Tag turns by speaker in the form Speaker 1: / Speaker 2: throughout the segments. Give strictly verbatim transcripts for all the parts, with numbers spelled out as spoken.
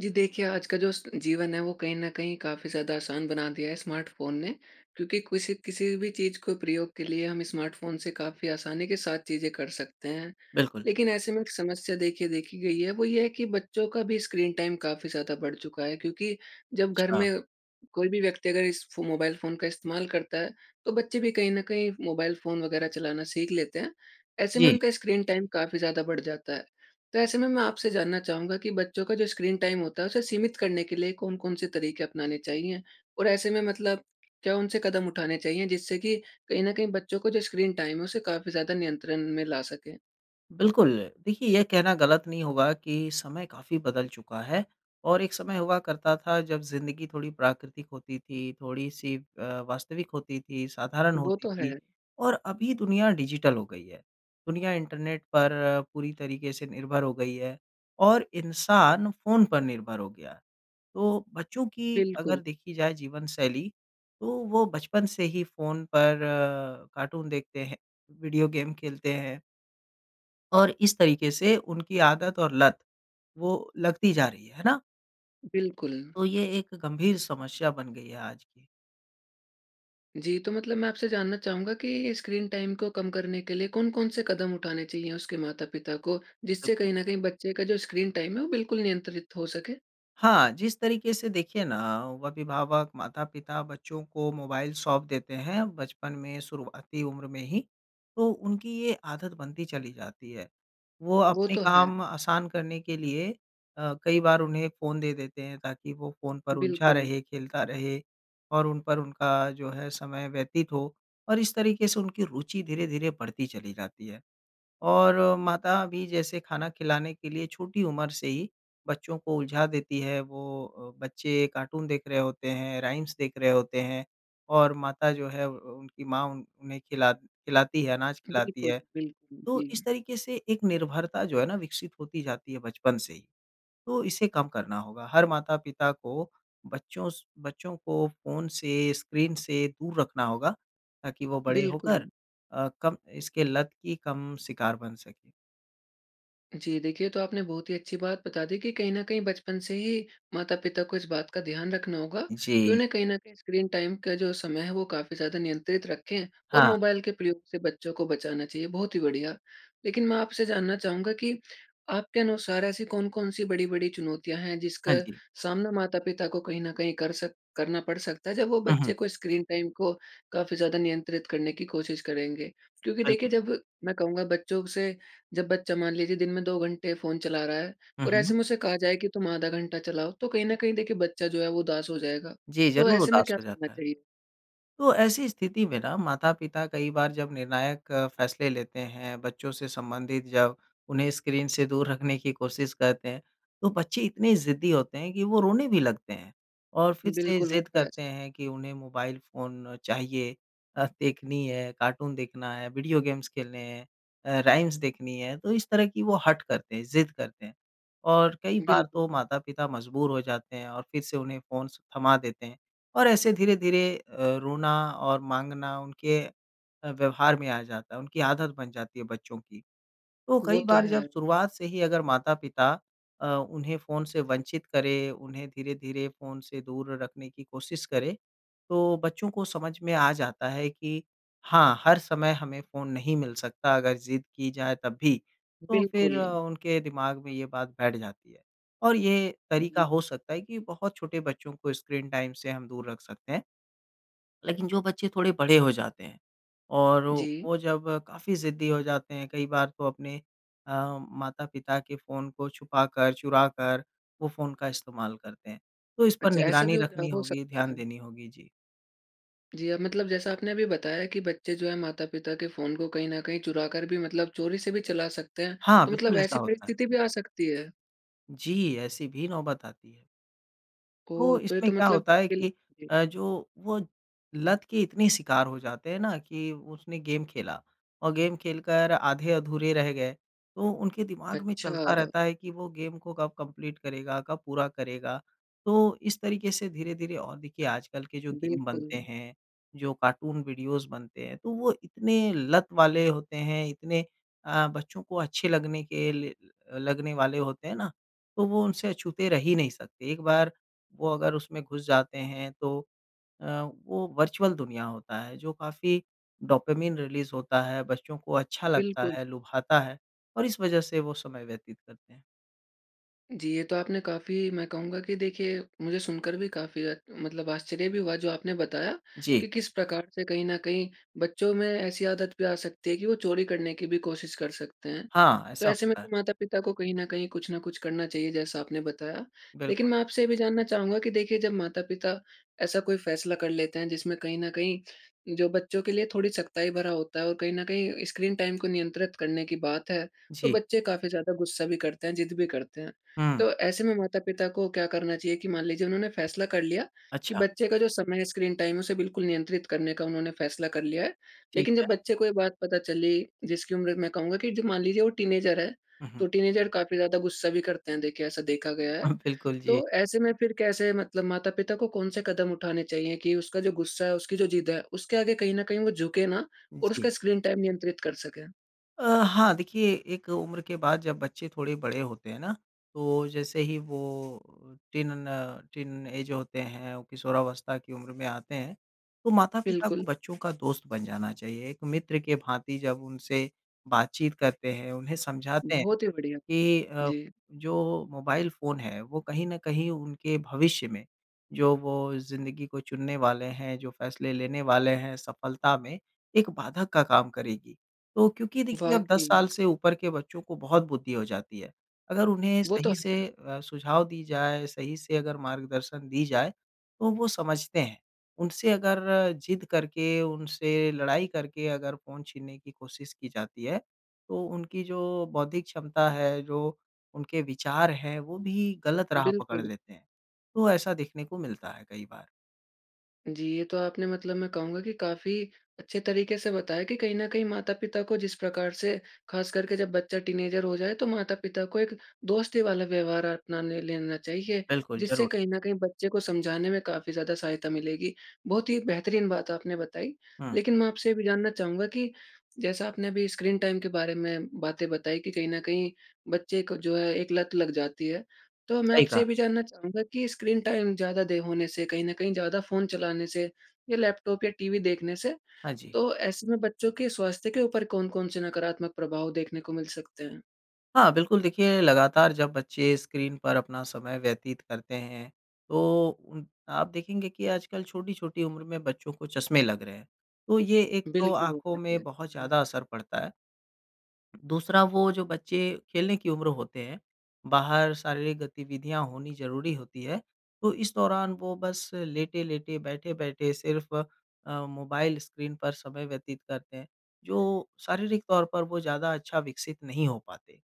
Speaker 1: जी देखिए, आज का जो स जीवन है वो कहीं न कहीं काफ़ी ज़्यादा आसान बना दिया है स्मार्टफ़ोन ने। क्योंकि कुसी किसी भी चीज़ को प्रयोग के लिए हम स्मार्टफ़ोन से काफ़ी आसानी के साथ चीज़ें कर सकते हैं।
Speaker 2: बिल्कुल।
Speaker 1: लेकिन ऐसे में एक समस्या देखिए देखी गई है वो ये है कि बच्चों का भी स्क्रीन टाइम काफ़ी ज़्यादा बढ़ चुका है, क्योंकि जब घर
Speaker 2: अच्छा।
Speaker 1: में कोई भी व्यक्ति अगर इस फ़ो मोबाइल फ़ोन का इस्तेमाल करता है, तो बच्चे भी कहीं न कहीं मोबाइल फ़ोन वग़ैरह चलाना सीख लेते हैं। ऐसे में
Speaker 2: जी।
Speaker 1: उनका स्क्रीन टाइम काफ़ी ज़्यादा बढ़ जाता है। तो ऐसे में मैं आपसे जानना चाहूँगा कि बच्चों का जो स्क्रीन टाइम होता है उसे सीमित करने के लिए कौन-कौन से तरीके अपनाने चाहिए? और ऐसे में मतलब क्या उनसे कदम उठाने चाहिए जिससे कि कहीं न कहीं बच्चों का जो स्क्रीन टाइम है उसे काफ़ी ज़्यादा नियंत्रण में ला सकें?
Speaker 2: बिल्कुल, देखिए ये कहना गलत नहीं होगा कि समय काफ़ी बदल चुका है, और एक समय हुआ करता था जब ज़िंदगी थोड़ी प्राकृतिक होती थी, थोड़ी-सी अ, वास्तविक होती थी, साधारण
Speaker 1: वो
Speaker 2: होती
Speaker 1: तो
Speaker 2: थी,
Speaker 1: है।
Speaker 2: और अभी दुनिया डिजिटल हो गई है। दुनिया इंटरनेट पर पूरी तरीके से निर्भर हो गई है और इंसान फ़ोन पर निर्भर हो गया है। तो बच्चों की
Speaker 1: बिल्कुल।
Speaker 2: अगर देखी जाए जीवन शैली तो वो बचपन से ही फ़ोन पर अ, कार्टून देखते हैं, वीडियो गेम खेलते हैं। और इस तरीके से उनकी आदत और लत वो लगती जा रही है, है ना?
Speaker 1: बिल्कुल।
Speaker 2: तो यह एक गंभीर समश्या बन गई है आज की।
Speaker 1: जी। तो मतलब मैं आपसे जानना चाहूँगा कि स्क्रीन टाइम को कम करने के लिए कौन-कौन से कदम उठाने चाहिए उसके माता-पिता को जिससे
Speaker 2: बिल्कुल।
Speaker 1: कहीं न कहीं बच्चे का जो स्क्रीन टाइम है वो बिल्कुल नियंत्रित हो सके?
Speaker 2: हाँ, जिस तरीके से देखिए ना अभिभावक, माता-पिता बच्चों को मोबाइल सौंप देते हैं बचपन में, शुरुआती उम्र में ही, तो उनकी ये आदत बनती चली जाती है। वो
Speaker 1: वो
Speaker 2: अपने
Speaker 1: तो है।
Speaker 2: काम आसान करने के लिए अ, कई बार उन्हें फ़ोन दे देते हैं ताकि वो फ़ोन पर उलझा
Speaker 1: बिल्कुल।
Speaker 2: रहे, खेलता रहे और उन पर उनका जो है समय व्यतीत हो। और इस तरीके से उनकी रुचि धीरे-धीरे बढ़ती चली जाती है। और अ, माता भी जैसे खाना खिलाने के लिए छोटी उम्र से ही बच्चों को उलझा देती है वो अ, बच्चे कार्टून देख रहे होते हैं, राइम्स देख रहे होते हैं और माता जो है अ, अ, उनकी माँ उन उन्हें खिला खिलाती है, अनाज खिलाती
Speaker 1: बिल्कुल,
Speaker 2: है।
Speaker 1: बिल्कुल।
Speaker 2: तो इस
Speaker 1: जी।
Speaker 2: तरीके से एक निर्भरता जो है न विकसित होती जाती है बचपन से ही। तो इसे कम करना होगा। हर माता-पिता को बच्चों स बच्चों को फ़ोन से स्क्रीन से दूर रखना होगा, ताकि वो बड़े
Speaker 1: बिल्कुल।
Speaker 2: होकर अ, कम इसके लत की कम शिकार बन सके।
Speaker 1: जी देखिए, ये तो आपने बहुत ही अच्छी बात बता दी कि कहीं न कहीं बचपन से ही माता-पिता को इस बात का ध्यान रखना होगा कि
Speaker 2: जी।
Speaker 1: उन्हें कहीं न कहीं स्क्रीन टाइम का जो समय है वो काफ़ी ज़्यादा नियंत्रित रखें और
Speaker 2: हाँ।
Speaker 1: मोबाइल के प्रयोग से बच्चों को बचाना चाहिए। बहुत ही बढ़िया! लेकिन मैं आपसे जानना चाहूँगा कि आपके अनुसार ऐसी कौन-कौन सी बड़ी-बड़ी चुनौतियाँ हैं जिसका
Speaker 2: हाँ जी।
Speaker 1: सामना माता-पिता को कहीं न कहीं कर सक करना पड़ सकता है। जब वो
Speaker 2: हुँ, हुँ।
Speaker 1: बच्चे को स्क्रीन टाइम को काफ़ी ज़्यादा नियंत्रित करने की कोशिश करेंगे? क्योंकि देखिए
Speaker 2: बिल्कुल।
Speaker 1: जब मैं कहूँगा बच्चों ब से जब बच्चा मान लीजिए दिन में दो घंटे फ़ोन चला रहा है
Speaker 2: हुँ,
Speaker 1: और ऐसे
Speaker 2: हुँ।
Speaker 1: में उसे कहा जाए कि तुम आधा घंटा चलाओ तो कहीं न कहीं देखिए बच्चा जो है वो उदास हो जाएगा।
Speaker 2: जी,
Speaker 1: तो
Speaker 2: ज़रूर
Speaker 1: ऐसे में
Speaker 2: उदास
Speaker 1: क्या
Speaker 2: कर
Speaker 1: करना
Speaker 2: जाता है।
Speaker 1: चाहिए?
Speaker 2: तो ऐसी स्थिति में ना माता-पिता कई बार जब निर्णायक फ़ैसले लेते हैं। बच्चों से संबंधित जब उन्हें स्क्रीन से दूर रखने की कोशिश करते हैं। तो बच्चे इतने ज़िद्दी होते हैं कि वो रोने भी लगते हैं। और फिर से
Speaker 1: बिल्कुल
Speaker 2: ज़िद
Speaker 1: होता है
Speaker 2: करते
Speaker 1: ऐसा।
Speaker 2: हैं कि उन्हें मोबाइल फ़ोन चाहिए। अ, देखनी है कार्टून देखना है, वीडियो गेम्स खेलने हैं अ, राइम्स देखनी है। तो इस तरह की वो हठ करते हैं, ज़िद करते हैं। और कई बार तो
Speaker 1: बिल्कुल।
Speaker 2: माता-पिता मजबूर हो जाते हैं और फिर से उन्हें फ़ोन्स थमा देते हैं। और ऐसे धीरे-धीरे अ, रोना और माँगना उनके अ, व्यवहार में आ जाता है। उनकी आदत बन जाती है बच्चों की। तो
Speaker 1: वो
Speaker 2: कई
Speaker 1: तो
Speaker 2: बार
Speaker 1: है।
Speaker 2: जब शुरुआत से ही अगर माता-पिता अ, उन्हें फ़ोन से वंचित करें, उन्हें धीरे-धीरे फ़ोन से दूर रखने की कोशिश करें, तो बच्चों को समझ में आ जाता है कि हाँ, हर समय हमें फ़ोन नहीं मिल सकता अगर ज़िद की जाए तब भी। तो फिर
Speaker 1: बिल्कुल।
Speaker 2: उनके दिमाग में ये बात बैठ जाती है। और ये
Speaker 1: हाँ
Speaker 2: तरीका
Speaker 1: जी।
Speaker 2: हो सकता है कि बहुत छोटे बच्चों को स्क्रीन टाइम से हम दूर रख सकते हैं। लेकिन जो बच्चे थोड़े बड़े हो जाते हैं और ओ
Speaker 1: जी।
Speaker 2: वो जब काफ़ी ज़िद्दी हो जाते हैं कई बार तो अपने अ, माता-पिता के फ़ोन को छुपाकर, चुराकर वो फ़ोन का इस्तेमाल करते हैं। तो इस पर
Speaker 1: अच्छा ऐसा
Speaker 2: निगरानी
Speaker 1: भी हो ज अ,
Speaker 2: रखनी
Speaker 1: हो
Speaker 2: होगी।
Speaker 1: सकता
Speaker 2: ध्यान
Speaker 1: है।
Speaker 2: देनी होगी। जी।
Speaker 1: जी, अब मतलब जैसा आपने अभी बताया कि बच्चे जो हैं माता-पिता के फ़ोन को कहीं न कहीं चुरा कर भी मतलब चोरी से भी चला सकते हैं।
Speaker 2: हाँ,
Speaker 1: तो मतलब
Speaker 2: बिल्कुल ऐसा
Speaker 1: ऐसी
Speaker 2: होता है।
Speaker 1: परिस्थिति भी आ सकती है?
Speaker 2: जी, ऐसी भी नौबत आती है। तो
Speaker 1: ओह! तो ये
Speaker 2: इसमें
Speaker 1: तो
Speaker 2: क्या
Speaker 1: मतलब
Speaker 2: होता है
Speaker 1: इसिल
Speaker 2: कि
Speaker 1: जी।
Speaker 2: अ, जो वो लत के इतने शिकार हो जाते हैं ना कि उसने गेम खेला और गेम खेलकर आधे-अधूरे रह गए। तो उनके दिमाग में चलता
Speaker 1: अच्छा।
Speaker 2: रहता है कि वो गेम को कब कंप्लीट करेगा, कब पूरा करेगा? तो इस तरीके से धीरे-धीरे और देखिए आजकल के जो गेम बनते
Speaker 1: बिल्कुल।
Speaker 2: हैं जो कार्टून वीडियोज़ बनते हैं तो वो इतने लत वाले होते हैं इतने अ, बच्चों को अच्छे लगने के लिए ल अ, लगने वाले होते हैं ना तो वो उनसे अछूते रह ही नहीं सकते। एक बार वो अगर उसमें घुस जाते हैं तो अ, वो वर्चुअल दुनिया होता है जो काफ़ी डोपामाइन रिलीज़ होता है। बच्चों को अच्छा लगता
Speaker 1: बिल्कुल।
Speaker 2: है, लुभाता है और इस वजह से वो समय व्यतीत करते हैं।
Speaker 1: जी। ये तो आपने काफ़ी मैं कहूँगा कि देखिए मुझे सुनकर भी काफ़ी अ, मतलब आश्चर्य भी हुआ जो आपने बताया
Speaker 2: जी।
Speaker 1: कि किस प्रकार से कहीं न कहीं बच्चों में ऐसी आदत भी आ सकती है कि वो चोरी करने की भी कोशिश कर सकते हैं।
Speaker 2: हाँ,
Speaker 1: तो
Speaker 2: ऐसा
Speaker 1: ऐसे में
Speaker 2: होता है।
Speaker 1: तो माता-पिता को कहीं न कहीं कुछ न कुछ करना चाहिए जैसा आपने बताया। लेकिन
Speaker 2: बिल्कुल।
Speaker 1: मैं आपसे ये भी जानना चाहूँगा कि देखिए जब माता-पिता ऐसा कोई फ़ैसला कर लेते हैं जिसमें कहीं न कहीं जो बच्चों के लिए थोड़ी सख्ताई भरा होता है और कहीं न कहीं स्क्रीन टाइम को नियंत्रित करने की बात है तो
Speaker 2: जी।
Speaker 1: बच्चे काफ़ी ज़्यादा गुस्सा भी करते हैं, ज़िद भी करते हैं।
Speaker 2: हुँ।
Speaker 1: तो ऐसे में माता-पिता को क्या करना चाहिए कि मान लीजिए उन्होंने फ़ैसला कर लिया कि
Speaker 2: अच्छा।
Speaker 1: बच्चे का जो समय है स्क्रीन टाइम है उसे बिल्कुल नियंत्रित करने का उन्होंने फ़ैसला कर लिया है।
Speaker 2: ठीक
Speaker 1: लेकिन जब
Speaker 2: है।
Speaker 1: बच्चे को ये बात पता चली जिसकी उम्र मैं कहूँगा कि जो मान लीजिए वो टीनेजर है।
Speaker 2: हुँ, हुँ।
Speaker 1: तो टीनेजर काफ़ी ज़्यादा गुस्सा भी करते हैं देखिए, ऐसा देखा गया है।
Speaker 2: हाँ, बिल्कुल जी।
Speaker 1: तो ऐसे में फिर कैसे मतलब माता-पिता को कौन से कदम उठाने चाहिए कि उसका जो गुस्सा है उसकी जो ज़िद है उसके आगे कहीं न कहीं वो झुके ना और
Speaker 2: जी।
Speaker 1: उसका स्क्रीन टाइम नियंत्रित कर सके?
Speaker 2: अ, हाँ देखिए, एक उम्र के बाद जब बच्चे थोड़े बड़े होते हैं ना, तो जैसे ही वो अ, टीन न टीनएज होते हैं, वो किशोरावस्था की उम्र में आते हैं, तो माता-पिता को
Speaker 1: बिल्कुल।
Speaker 2: बच्चों का दोस्त बन जाना चाहिए। एक मित्र के भांति जब उनसे बातचीत करते हैं, उन्हें समझाते हैं
Speaker 1: बहुत ही बढ़िया,
Speaker 2: कि अ,
Speaker 1: जी।
Speaker 2: जो मोबाइल फ़ोन है, वो कहीं न कहीं उनके भविष्य में जो वो ज़िंदगी को चुनने वाले हैं, जो फ़ैसले लेने वाले हैं सफलता में, एक बाधक का काम करेगी। तो क्योंकि देखिए, अब दस
Speaker 1: वाक़ई।
Speaker 2: साल से ऊपर के बच्चों को बहुत बुद्धि हो जाती है। अगर उन्हें
Speaker 1: वो तो
Speaker 2: सही से
Speaker 1: है।
Speaker 2: अ, सुझाव दी जाए, सही से अगर मार्गदर्शन दी जाए, तो वो समझते हैं। उनसे अगर ज़िद करके, उनसे लड़ाई करके अगर फ़ोन छीनने की कोशिश की जाती है, तो उनकी जो बौद्धिक क्षमता है, जो उनके विचार हैं, वो भी गलत राह पकड़
Speaker 1: बिल्कुल।
Speaker 2: लेते हैं। तो ऐसा देखने को मिलता है कई बार।
Speaker 1: जी, ये तो आपने मतलब मैं कहूँगा कि काफ़ी अच्छे तरीके से बताया कि कहीं न कहीं माता-पिता को जिस प्रकार से, ख़ास करके जब बच्चा टीनेजर हो जाए, तो माता-पिता को एक दोस्ती वाला व्यवहार अपना ने लेना चाहिए।
Speaker 2: बिल्कुल
Speaker 1: जिससे
Speaker 2: ज़रूर।
Speaker 1: कहीं न कहीं बच्चे को समझाने में काफ़ी ज़्यादा सहायता मिलेगी। बहुत ही एक बेहतरीन बात आपने बताई।
Speaker 2: हुँ।
Speaker 1: लेकिन मैं आपसे ये भी जानना चाहूँगा कि जैसा आपने अभी स्क्रीन टाइम के बारे में बातें बताई कि कहीं न कहीं बच्चे को जो है एक लत लग जाती है। तो मैं
Speaker 2: सही
Speaker 1: आपसे
Speaker 2: कहा।
Speaker 1: ये भी जानना चाहूँगा कि स्क्रीन टाइम ज़्यादा देर होने से, कहीं न कहीं ज़्यादा फ़ोन चलाने से, या लैपटॉप या टीवी देखने से,
Speaker 2: हाँ, जी।
Speaker 1: तो ऐसे में बच्चों के स्वास्थ्य के ऊपर कौन-कौन से नकारात्मक प्रभाव देखने को मिल सकते हैं?
Speaker 2: हाँ। बिल्कुल देखिए, लगातार जब बच्चे स्क्रीन पर अपना समय व्यतीत करते हैं। तो उन आप देखेंगे कि आजकल छोटी-छोटी उम्र में बच्चों को चश्मे लग रहे हैं। तो ये एक तो
Speaker 1: बिल्कुल हो
Speaker 2: आँखों
Speaker 1: गए थे।
Speaker 2: में बहुत
Speaker 1: एक्चुअली
Speaker 2: ज़्यादा असर पड़ता है। दूसरा वो जो बच्चे खेलने की उम्र होते हैं, बाहर शारीरिक गतिविधियाँ होनी ज़रूरी होती है। तो इस दौरान वो बस लेट-लेटे बैठे-बैठे सिर्फ अ, मोबाइल स्क्रीन पर समय व्यतीत करते हैं। जो शारीरिक तौर पर वो ज़्यादा अच्छा विकसित नहीं हो पाते।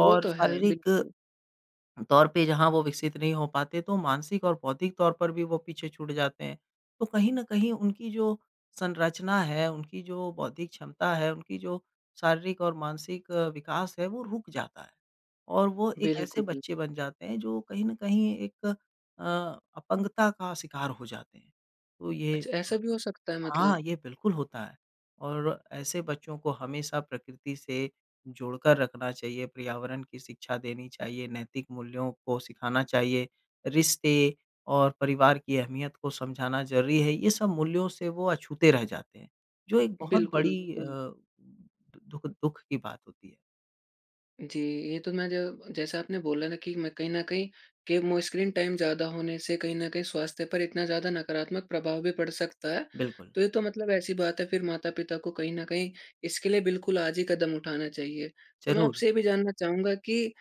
Speaker 1: वो
Speaker 2: और
Speaker 1: तो हैं।
Speaker 2: शारीरिक,
Speaker 1: बिल्कुल।
Speaker 2: तौर पे जहाँ वो विकसित नहीं हो पाते तो मानसिक और बौद्धिक तौर पर भी वो पीछे छूट जाते हैं तो कहीं ना कहीं उनकी जो संरचना है उनकी जो बौद्धिक क्षमता है उनकी जो शारीरिक और मानसिक विकास है वो रुक जाता है और वो एक ऐसे
Speaker 1: बिल्कुल।
Speaker 2: बच्चे बन जाते हैं जो कहीं ना कहीं एक अ, अपंगता का शिकार हो जाते हैं। तो ये
Speaker 1: अच्छा
Speaker 2: अ
Speaker 1: ऐसा भी हो सकता हैं
Speaker 2: हाँ
Speaker 1: मतलब?
Speaker 2: ये बिल्कुल होता है और ऐसे बच्चों को हमेशा प्रकृति से जोड़कर रखना चाहिए। पर्यावरण की शिक्षा देनी चाहिए नैतिक मूल्यों को सिखाना चाहिए। रिश्ते और परिवार की अहमियत को समझाना ज़रूरी है ये सब मूल्यों से वो अछूते रह जाते हैं। जो एक बहुत
Speaker 1: बिल्कुल। वो
Speaker 2: बड़ी अ,
Speaker 1: तो
Speaker 2: दु दुःख, दुःख की बात होती है।
Speaker 1: जी। ये तो मैं ज जैसा आपने बोला ना कि मैं कहीं न कहीं के मो स्क्रीन टाइम ज़्यादा होने से कहीं न कहीं स्वास्थ्य पर इतना ज़्यादा नकारात्मक प्रभाव भी पड़ सकता है।
Speaker 2: बिल्कुल।
Speaker 1: तो ये तो मतलब, ऐसी बात है, फिर माता-पिता को कहीं न कहीं इसके लिए बिल्कुल आज ही कदम उठाना चाहिए। तो मैं
Speaker 2: ज़रूर।
Speaker 1: आपसे ये भी जानना चाहूँगा कि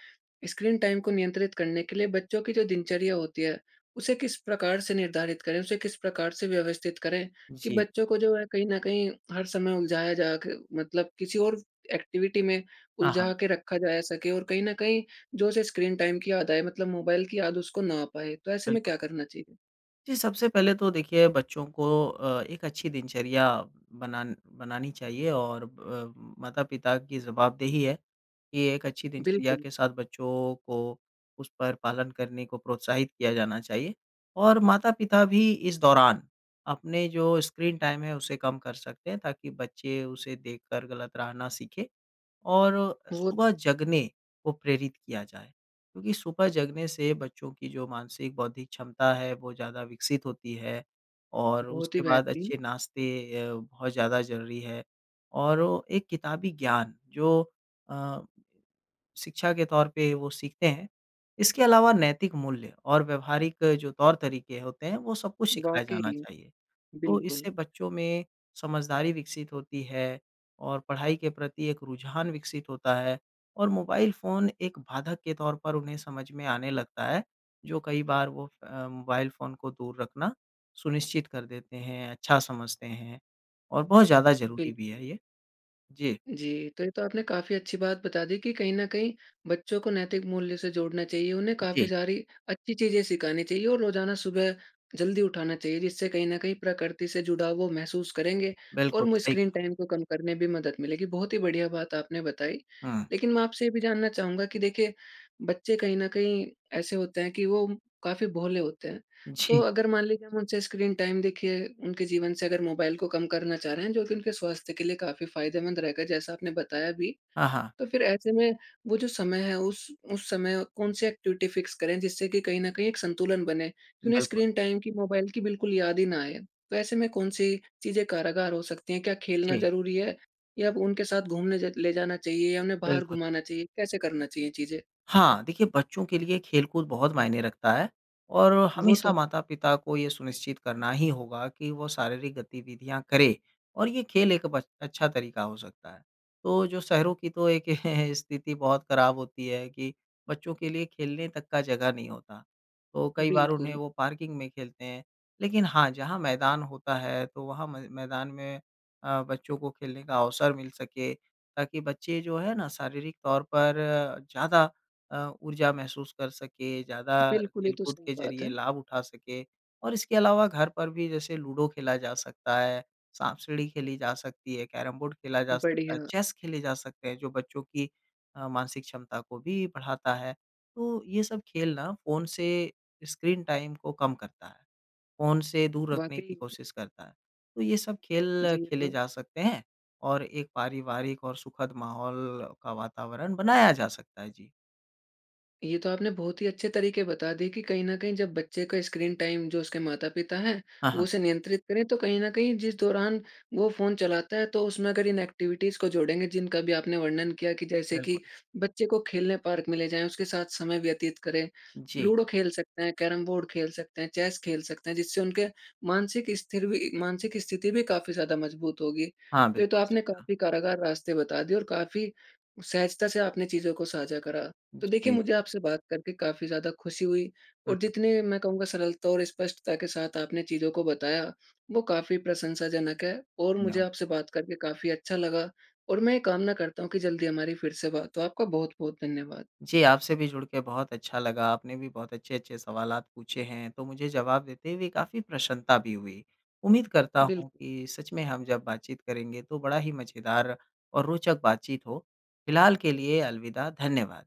Speaker 1: स्क्रीन टाइम को नियंत्रित करने के लिए बच्चों की जो दिनचर्या होती है उसे किस प्रकार से निर्धारित करें? उसे किस प्रकार से व्यवस्थित करें कि
Speaker 2: जी।
Speaker 1: बच्चों को जो है कहीं न कहीं हर समय उलझाया जा के मतलब किसी और एक्टिविटी में
Speaker 2: हाँ, हाँ।
Speaker 1: उलझा के रखा जाया सके और कहीं न कहीं जो उसे स्क्रीन टाइम की याद आए, मतलब मोबाइल की याद उसको ना आ पाए। तो ऐसे में
Speaker 2: बिल्कुल।
Speaker 1: क्या करना चाहिए?
Speaker 2: जी सबसे पहले तो देखिए बच्चों को अ, एक अच्छी दिनचर्या बनान बनानी चाहिए और अ, माता-पिता की जवाबदेही है कि एक अच्छी दिनचर्या
Speaker 1: बिल्कुल।
Speaker 2: के साथ बच्चों को उस पर पालन करने को प्रोत्साहित किया जाना चाहिए। और माता-पिता भी इस दौरान अपने जो स्क्रीन टाइम है उसे कम कर सकते हैं ताकि बच्चे उसे देखकर गलत रहना सीखें। और
Speaker 1: वो तो
Speaker 2: सुबह
Speaker 1: उम
Speaker 2: जगने को प्रेरित किया जाए। क्योंकि सुबह जगने से बच्चों की जो मानसिक बौद्धिक क्षमता है वो ज़्यादा विकसित होती है और
Speaker 1: बहुत ही
Speaker 2: उसके बाद
Speaker 1: बेहतरीन।
Speaker 2: अच्छे नाश्ते अ, बहुत ज़्यादा ज़रूरी है। और ओ एक किताबी ज्ञान जो अ, शिक्षा के तौर पे वो सीखते हैं, इसके अलावा नैतिक मूल्य और व्यावहारिक जो तौर-तरीके होते हैं वो सब कुछ सिखाया जाना
Speaker 1: वाक़ई,
Speaker 2: चाहिए। तो
Speaker 1: बिल्कुल।
Speaker 2: इससे बच्चों में समझदारी विकसित होती है और पढ़ाई के प्रति एक रुझान विकसित होता है और मोबाइल फ़ोन एक बाधक के तौर पर उन्हें समझ में आने लगता है जो कई बार वो फ़ अ, मोबाइल फ़ोन को दूर रखना सुनिश्चित कर देते हैं, अच्छा समझते हैं और बहुत ज़्यादा ज़रूरी भी है
Speaker 1: बिल्कुल।
Speaker 2: ये, जी।
Speaker 1: जी। तो ये तो आपने काफ़ी अच्छी बात बता दी कि कहीं न कहीं बच्चों को नैतिक मूल्य से जोड़ना चाहिए उन्हें काफ़ी
Speaker 2: जी।
Speaker 1: सारी अच्छी चीज़ें सिखानी चाहिए और रोज़ाना सुबह जल्दी उठाना चाहिए जिससे कहीं न कहीं प्रकृति से जुड़ा वो महसूस करेंगे और
Speaker 2: बिल्कुल
Speaker 1: मो
Speaker 2: सही
Speaker 1: स्क्रीन
Speaker 2: कहा।
Speaker 1: टाइम को कम करने में भी मदद मिलेगी। बहुत ही बढ़िया बात आपने बताई।
Speaker 2: हुँ।
Speaker 1: लेकिन मैं आपसे ये भी जानना चाहूँगा कि देखिए बच्चे कहीं न कहीं ऐसे होते हैं कि वो काफ़ी भोले होते हैं। तो
Speaker 2: जी।
Speaker 1: अगर मान लीजिए हम उनसे स्क्रीन टाइम देखिए, उनके जीवन से अगर मोबाइल को कम करना चाह रहे हैं जो कि उनके स्वास्थ्य के लिए काफ़ी फ़ायदेमंद रहेगा जैसा आपने बताया भी।
Speaker 2: हाँ, हाँ।
Speaker 1: तो फिर ऐसे में वो जो समय है उस, उस समय कौन सी एक्टिविटी फिक्स करें जिससे कि कहीं न कहीं एक संतुलन बने। तो उन्हें
Speaker 2: बिल्कुल।
Speaker 1: स्क्रीन टाइम की मोबाइल की बिल्कुल याद ही ना आए। तो ऐसे में कौन सी चीज़ें कारागार हो सकती हैं? क्या खेलना
Speaker 2: जी।
Speaker 1: ज़रूरी है? या उनके साथ घूमने जा ले जाना चाहिए या उन्हें बाहर
Speaker 2: बिल्कुल।
Speaker 1: घुमाना चाहिए कैसे करना चाहिए चीज़ें?
Speaker 2: हाँ। देखिए, बच्चों के लिए खेलकूद बहुत मायने रखता है और
Speaker 1: वो तो
Speaker 2: हमेशा
Speaker 1: है।
Speaker 2: माता-पिता को ये सुनिश्चित करना ही होगा कि वो शारीरिक गतिविधियाँ करें। और ये खेल एक बस अच्छा तरीका हो सकता है। तो जो शहरों की तो एक स्थिति बहुत खराब होती है कि बच्चों के लिए खेलने तक का जगह नहीं होता। तो कई बार उन्हें
Speaker 1: बिल्कुल।
Speaker 2: वो पार्किंग में खेलते हैं। लेकिन हाँ, जहाँ मैदान होता है तो वहाँ म मैदान में अ, बच्चों को खेलने का अवसर मिल सके ताकि बच्चे जो है ना शारीरिक तौर पर ज़्यादा अ, ऊर्जा महसूस कर सके, ज़्यादा
Speaker 1: बिल्कुल, ये तो
Speaker 2: खेलकूद
Speaker 1: सही
Speaker 2: के
Speaker 1: बात
Speaker 2: ज़रिए
Speaker 1: है।
Speaker 2: लाभ उठा सकें। और इसके अलावा घर पर भी जैसे लूडो खेला जा सकता है, साँप-सीढ़ी खेली जा सकती है, कैरम-बोर्ड खेला जा सकता है,
Speaker 1: बढ़िया।
Speaker 2: चेस खेले जा सकते हैं जो बच्चों की अ, मानसिक क्षमता को भी बढ़ाता है। तो ये सब खेल ना फ़ोन से स्क्रीन टाइम को कम करता है। फ़ोन से दूर रखने की
Speaker 1: वाक़ई।
Speaker 2: कोशिश करता है। तो ये सब खेल
Speaker 1: जी ये
Speaker 2: खेले
Speaker 1: तो
Speaker 2: जा सकते हैं और एक पारिवारिक और सुखद माहौल का वातावरण बनाया जा सकता है। जी।
Speaker 1: ये तो आपने बहुत ही अच्छे तरीके बता दिए कि कहीं न कहीं जब बच्चे का स्क्रीन टाइम जो उसके माता-पिता हैं,
Speaker 2: हाँ,
Speaker 1: वो
Speaker 2: हाँ।
Speaker 1: उसे नियंत्रित करें तो कहीं न कहीं जिस दौरान वो फ़ोन चलाता है तो उसमें अगर इन एक्टिविटीज़ को जोड़ेंगे जिनका भी आपने वर्णन किया कि जैसे कि
Speaker 2: बिल्कुल।
Speaker 1: बच्चे को खेलने पार्क में ले जाएँ, उसके साथ समय व्यतीत करें,
Speaker 2: जी।
Speaker 1: लूडो खेल सकते हैं, कैरम बोर्ड खेल सकते हैं, चेस खेल सकते हैं। जिससे उनके मानसिक स्थिर भी मानसिक स्थिति भी काफ़ी ज़्यादा मज़बूत होगी।
Speaker 2: हाँ,
Speaker 1: तो ये तो
Speaker 2: बिल्कुल
Speaker 1: आपने
Speaker 2: सही कहा।
Speaker 1: काफ़ी कारागार रास्ते बता दिए और काफ़ी सहजता से आपने चीज़ों को साझा करा। तो देखिए
Speaker 2: जी।
Speaker 1: मुझे आपसे बात करके काफ़ी ज़्यादा खुशी हुई
Speaker 2: हुँ,
Speaker 1: और
Speaker 2: हुँ।
Speaker 1: जितने मैं कहूँगा सरलता और स्पष्टता के साथ आपने चीज़ों को बताया वो काफ़ी प्रशंसाजनक है। और मुझे
Speaker 2: धन्यवाद।
Speaker 1: आपसे बात करके काफ़ी अच्छा लगा। और मैं ये कामना करता हूँ कि जल्दी हमारी फिर से बात हो, आपका बहुत-बहुत धन्यवाद।
Speaker 2: जी आपसे भी जुड़ के बहुत अच्छा लगा। आपने भी बहुत अच्छे-अच्छे सवालात पूछे हैं तो मुझे जवाब देते हुए काफ़ी प्रसन्नता भी हुई। उम्मीद करता हूँ
Speaker 1: बिल्क
Speaker 2: कि सच में हम जब बातचीत करेंगे तो बड़ा ही मज़ेदार और रोचक बातचीत हो। फ़िलहाल के लिए अलविदा, धन्यवाद।